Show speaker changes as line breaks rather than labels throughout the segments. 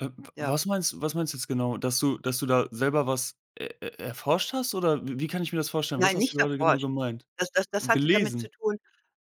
Äh. W
Ja.
was meinst du was meinst du jetzt genau? Dass du dass du da selber was e e erforscht hast oder w wie kann ich mir das vorstellen? Was
Nein,
hast du
nicht
gerade genau
erforscht.
gemeint?
Das das das hatte damit
Gelesen?
zu tun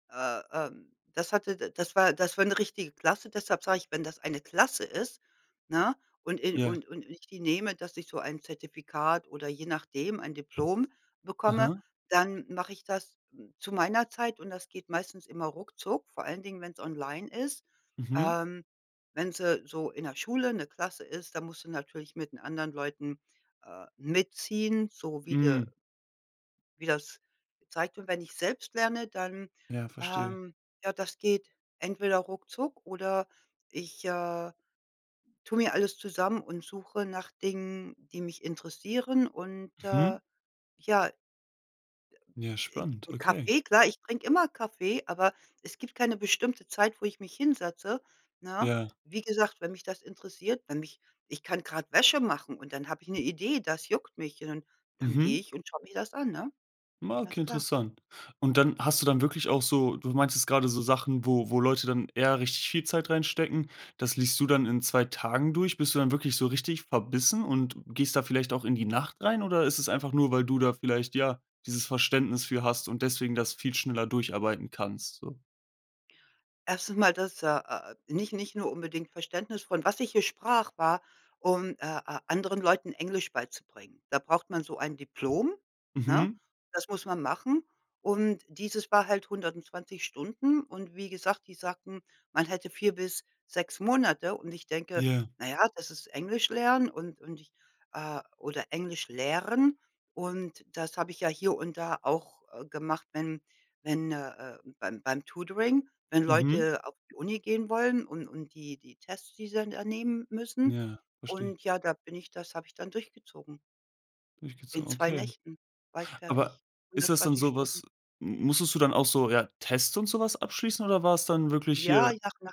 äh äh, das hatte da das war das war 'ne richtige Klasse. Deshalb sage ich, wenn das eine Klasse ist, ne, und in
Ja.
und und ich die nehme, dass ich so ein Zertifikat oder je nachdem ein Diplom bekomme.
Aha.
Dann mache ich das zu meiner Zeit, und das geht meistens immer ruckzuck, vor allen Dingen, wenn's online ist.
Mhm.
Ähm, wenn sie so in 'ner Schule 'ne Klasse ist, dann musst du natürlich mit den anderen Leuten, äh, mitziehen, so wie der
Hm.
wie das zeigt. Und wenn ich selbst lerne, dann
Ja, verstehe.
ähm, ja, das geht entweder ruckzuck oder ich, äh, tue mir alles zusammen und suche nach Dingen, die mich interessieren. Und,
Mhm.
äh, ja
Ja,
'n
spannend,
'n
okay.
Kaffee klar, ich trinke immer Kaffee, aber es gibt keine bestimmte Zeit, wo ich mich hinsetze, ne?
Ja.
Wie gesagt, wenn mich das interessiert, wenn mich ich kann grad Wäsche machen und dann habe ich 'ne Idee, das juckt mich und dann dann gehe
Mhm.
ich und schaue mir das an, ne?
Ah, okay,
Ganz klar.
interessant. Und dann hast du dann wirklich auch so du meintest grade so Sachen, wo wo Leute dann eher richtig viel Zeit reinstecken, das liest du dann in 2 Tagen durch. Bist du dann wirklich so richtig verbissen und gehst da vielleicht auch in die Nacht rein oder ist es einfach nur, weil du da vielleicht, ja, dieses Verständnis für hast und deswegen das viel schneller durcharbeiten kannst, so?
1. mal, das äh äh, nicht nicht nur unbedingt Verständnis von was ich hier sprach, war, um, äh äh, anderen Leuten Englisch beizubringen. Da braucht man so ein Diplom, ne?
Mhm.
Das muss man machen. Und dieses war halt 120 Stunden und wie gesagt, die sagten, man hätte 4 bis 6 Monate und ich denke:
Ja.
„Na ja, das ist Englisch lernen und und ich äh, oder Englisch lehren.” Und das habe ich ja hier und da auch gemacht, wenn wenn, äh, äh, beim beim Tutoring wenn
Mhm.
Leute auf die Uni gehen wollen und und die die Tests, die sie dann da nehmen müssen.
Ja. Verstehe.
Und ja, da bin ich das habe ich dann durchgezogen. In
Durchgezogen,
2
okay.
Nächten war ich
Aber
fertig,
ist das denn
120 Stunden.
sowas m musstest du dann auch so, ja, Tests und so was abschließen oder war's dann wirklich
Ja,
hier
nach nach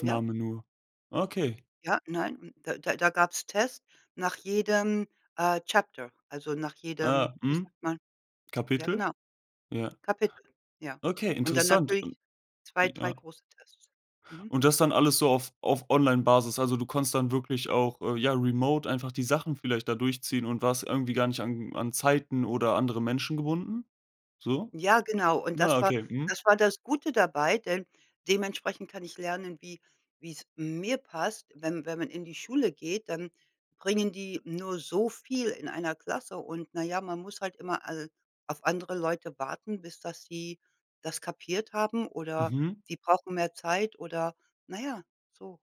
ja?
nur? Ah, okay.
Ja, nein, hm, da da da gab's Tests nach jedem, äh, Chapter, also nach jedem,
Ah,
wie
mhm.
sagt man ja,
Kapitel?
genau,
Ja.
Kapitel, ja.
Okay,
Und dann
interessant und
natürlich 2, 3
ja.
große Tests. Mhm.
Und das dann alles so auf auf Online-Basis also du konntest dann wirklich auch, äh, ja, remote einfach die Sachen vielleicht da durchziehen und warst irgendwie gar nicht an an Zeiten oder andere Menschen gebunden? So?
Ja, genau. Und
Na,
das war
okay. Mhm.
das war das Gute dabei, denn dementsprechend kann ich lernen, wie wie's mir passt. Wenn wenn man in die Schule geht, dann bringen die nur so viel in 1 Klasse. Und, na ja, man muss halt immer al auf andere Leute warten, bis das sie das kapiert haben, oder
Mhm.
sie brauchen mehr Zeit oder na ja, so.